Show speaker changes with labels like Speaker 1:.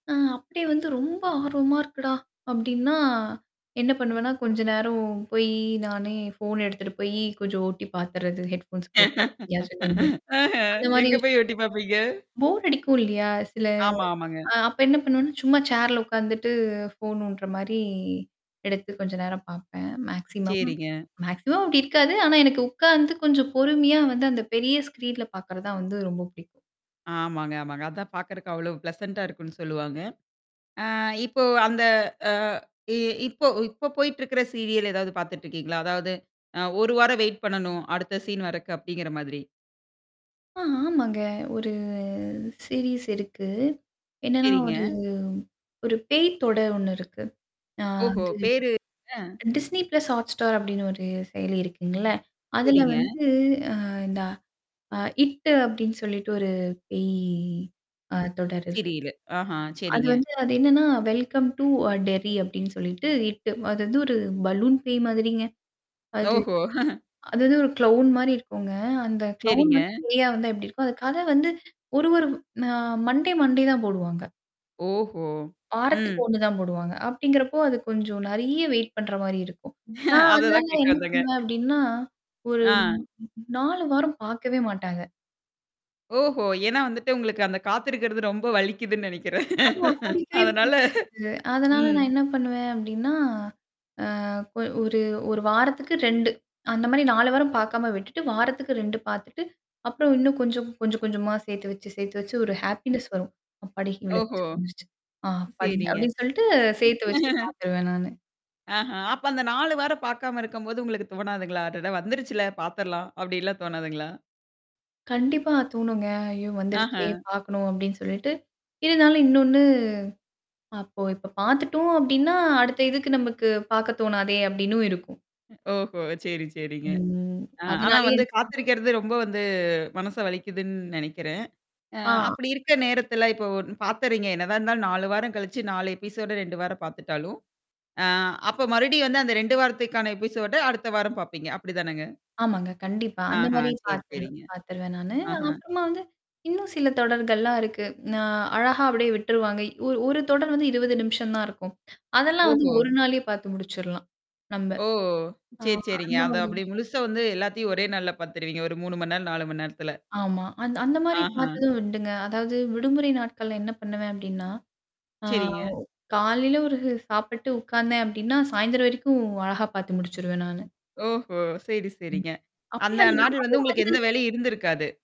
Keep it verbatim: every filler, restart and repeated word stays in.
Speaker 1: அ. அப்டி வந்து ரொம்ப ஆர்வமா இருக்குடா? அப்டின்னா என்ன பண்ணுவேன்னா, கொஞ்ச நேரம் போயி நானே ஃபோன் எடுத்துட்டு போய் கொஞ்சம் ஓட்டி பார்த்துறது ஹெட்ஃபோன்ஸ் போட்டு, [unintelligible]
Speaker 2: அஹ
Speaker 1: அந்த மாரி
Speaker 2: எங்க போய்
Speaker 1: விஷயங்கள்.
Speaker 2: எட்டி பாப்பீங்க?
Speaker 1: போர் அடிக்கும் இல்லையா? சில.
Speaker 2: ஆமா, ஆமாங்க.
Speaker 1: அ அப்ப என்ன பண்ணுவேன்னா, சும்மா சேர்ல உட்காந்துட்டு ஃபோன் நோண்ட்ற மாரி எடுத்து கொஞ்சம் நேரம் பாப்பேன். மேக்ஸிமம்.
Speaker 2: சரிங்க.
Speaker 1: மேக்ஸிமம் அப்டி இருக்காது. ஆனா, எனக்கு உக்காந்து கொஞ்சம் பொறுமையா வந்து அந்த பெரிய ஸ்க்ரீன்ல பார்க்குறதான் வந்து ரொம்ப பிடிக்கும்.
Speaker 2: ஆமாங்க, ஆமாங்க. அதான் பாக்கறதுக்கு அவ்ளோ ப்ளசன்டா இருக்குன்னு சொல்லுவாங்க. அ இப்போ அந்த அ இ இப்போ, இப்போ போய்ட்டுருக்குற சீரியல் எதாது பார்த்துட்டுருக்கீங்களா? அதாது அ ஒரு வாரம் வெயிட் பண்ணணும் அடுத்த சீன் வரக்கு அப்படிங்கிற மாதிரி.
Speaker 1: ஆ ஆமாங்க. ஒரு. சீரீஸ் இருக்கு. என்னன்னா,
Speaker 2: சரிங்க.
Speaker 1: ஒரு ஒரு பேய் தொட ஒண்ணு இருக்கு. அ
Speaker 2: ஓஹோ!
Speaker 1: வந்து
Speaker 2: பேரு அ.
Speaker 1: டிஸ்னி பிளஸ் ஹாட்ஸ்டார் அப்டின்னு ஒரு செயலி இருக்குங்கல. அதுல
Speaker 2: சரிங்க.
Speaker 1: வந்து அ இந்த அ இட் அப்டின்னு சொல்லிட்டு ஒரு பேய் ஆ தொடர் இருக்குங்க.
Speaker 2: சிரியலு ஆஹா
Speaker 1: அது
Speaker 2: சரிங்க.
Speaker 1: வந்து அது என்னன்னா, வெல்கம் டூ அ டெர்ரி அப்டின்டு சொல்லிட்டு ட்டு அது வந்து ஒரு பலூன் பேய் மாதிரிங்க. அது.
Speaker 2: ஓஹோ!.
Speaker 1: அதாது ஒரு க்ளவுன் மாரி இருக்குங்க. அந்த க்ளவுன்
Speaker 2: சரிங்க.
Speaker 1: வந்து பேயா வந்தா எப்டி இருக்கும். அது கத வந்து ஒரு, ஒரு அ மண்டே, மண்டே தான் போடுவாங்க.
Speaker 2: ஓஹோ!
Speaker 1: வாரத்துக்கு
Speaker 2: ம்.
Speaker 1: ஒண்ணு தான் போடுவாங்க. அப்படிங்கிறப்போ, அது கொஞ்சம் நறைய வெயிட் பண்ற மாரி இருக்கும். ஆ அதனால
Speaker 2: அததான் கேக்க
Speaker 1: என்ன
Speaker 2: வந்தேங்க.
Speaker 1: பண்ணுவேன் அப்டின்னா, ஒரு
Speaker 2: ஆ.
Speaker 1: நாலு வாரம் பார்க்கவே மாட்டாங்க.
Speaker 2: ஓஹோ! ஏன்னா, வந்துட்டு உங்களுக்கு அந்த காத்திருக்குறது ரொம்ப வலிக்குதுன்னு நெனைக்குறேன்
Speaker 1: ஆமா புடிக்கவே
Speaker 2: அதனால
Speaker 1: புடிக்காது. அதனால
Speaker 2: ம்.
Speaker 1: நான் என்ன பண்ணுவேன் அப்டின்னா, அ அ கொ ஒரு ஒரு வாரத்துக்கு ரெண்டு அந்த மாரி நாலு வாரம் பாக்காம விட்டுட்டு வாரத்துக்கு ரெண்டு பாத்துட்டு, அப்றம் இன்னும் கொஞ்சம் கொஞ்சம் கொஞ்சமா சேத்து வச்சு, சேர்த்து வச்சு ஒரு ஹேப்பினஸ் வரும். அப்பாடி
Speaker 2: ஓஹோ!
Speaker 1: இவ்ளோவாச்சு வந்துருச்சு. ஆ அப்பாடி.
Speaker 2: சரிங்க.
Speaker 1: அப்டின்னு சொல்லிட்டு சேர்த்து வச்சு பாத்துருவேன் நானு.
Speaker 2: அஹ. அப்ப அந்த நாலு வாரம் பாக்காம இருக்கம்போது உங்களுக்கு தோணாதுங்களா? அதுதான் வந்துருச்சுல பாத்துரலாம் அப்படின்லாம் தோணாதுங்களா?
Speaker 1: கண்டிப்பா தோணுங்க. "ஐயோ வந்துருச்சே!
Speaker 2: ஆஹ.
Speaker 1: பார்க்கணும்." அப்டின்னு சொல்லிட்டு, இருந்தாலும் இன்னொன்னு அப்போ இப்ப பாத்துட்டோம் அப்டின்னா, அடுத்த இதுக்கு நமக்கு பாக்க தோணாதே அப்டின்னும் இருக்கும்.
Speaker 2: ஓஹோ! சரி சரிங்க.
Speaker 1: ம்.
Speaker 2: அ ஆனா
Speaker 1: அதனாலேயே
Speaker 2: வந்து
Speaker 1: என
Speaker 2: காத்திருக்கிறது ரொம்ப வந்து மனச வலிக்குதுன்னு நெனைக்குறேன். அ
Speaker 1: ஆ.
Speaker 2: அப்படி இருக்க நேரத்தல இப்போ ஒ பார்த்தறீங்க. என்னதான் இருந்தாலும் நாலு வாரம் கழிச்சு நாலு எபிசோடு ரெண்டு வாரம் பார்த்துட்டாலும், ஆ அப்ப மறுடியும் வந்து அந்த ரெண்டு வாரத்துக்கான எபிசோட அடுத்த வாரம் பாப்பீங்க. அப்டிதானங்க
Speaker 1: ஆமாங்க. கண்டிப்பா. அந்த
Speaker 2: ஆஹ
Speaker 1: மாரி
Speaker 2: சரி,
Speaker 1: பார்த்துரு
Speaker 2: சரிங்க.
Speaker 1: பார்த்துருவேன் நானு.
Speaker 2: ஆஹ.
Speaker 1: அதுக்கு அப்புறமா வந்து, இன்னும் சில தொடர்கள்லாம் இருக்கு. நான் அழகா அப்டியே விட்ருவாங்க. ஒரு ஒரு தொடர் வந்து இருவது நிமிஷம் தான் இருக்கும். அதெல்லாம் வந்து
Speaker 2: ஓஹோ!
Speaker 1: ஒரு நாளயே பாத்து முடிச்சர்லாம். நம்ப.
Speaker 2: ஓ!
Speaker 1: ஆமா.
Speaker 2: சரி, சரிங்க.
Speaker 1: அந்த
Speaker 2: அத
Speaker 1: மாரி
Speaker 2: அப்டி
Speaker 1: விஷயங்க.
Speaker 2: முழுசா வந்து எல்லாத்தையும் ஒரே நாள்ல பாத்துருவீங்க. ஒரு முணு நேரம், நாலு மணி நேரத்துல.
Speaker 1: ஆமா. அந் அந்த மாரி
Speaker 2: ஆஹ.
Speaker 1: பாத்ததும் உண்டுங்க. அதாவது விடுமுறை நாட்கள்ல என்ன பண்ணுவேன் அப்டின்னா ஆ ஓ
Speaker 2: சரிங்க.
Speaker 1: காலையில ஒரு சாப்பிட்டு உட்காந்தேன் அப்டின்னா சாயந்தரம் வரைக்கும் அழகா பாத்து முடிச்சுருவேன் நானு.
Speaker 2: ஓஹோ! சரி,
Speaker 1: ம்.
Speaker 2: சரிங்க.
Speaker 1: அப்டி
Speaker 2: அந்த
Speaker 1: அந்த நாளே
Speaker 2: நாடல வந்து உங்களுக்கு எந்த
Speaker 1: வந்து
Speaker 2: வேலையும் இருந்திருக்காது.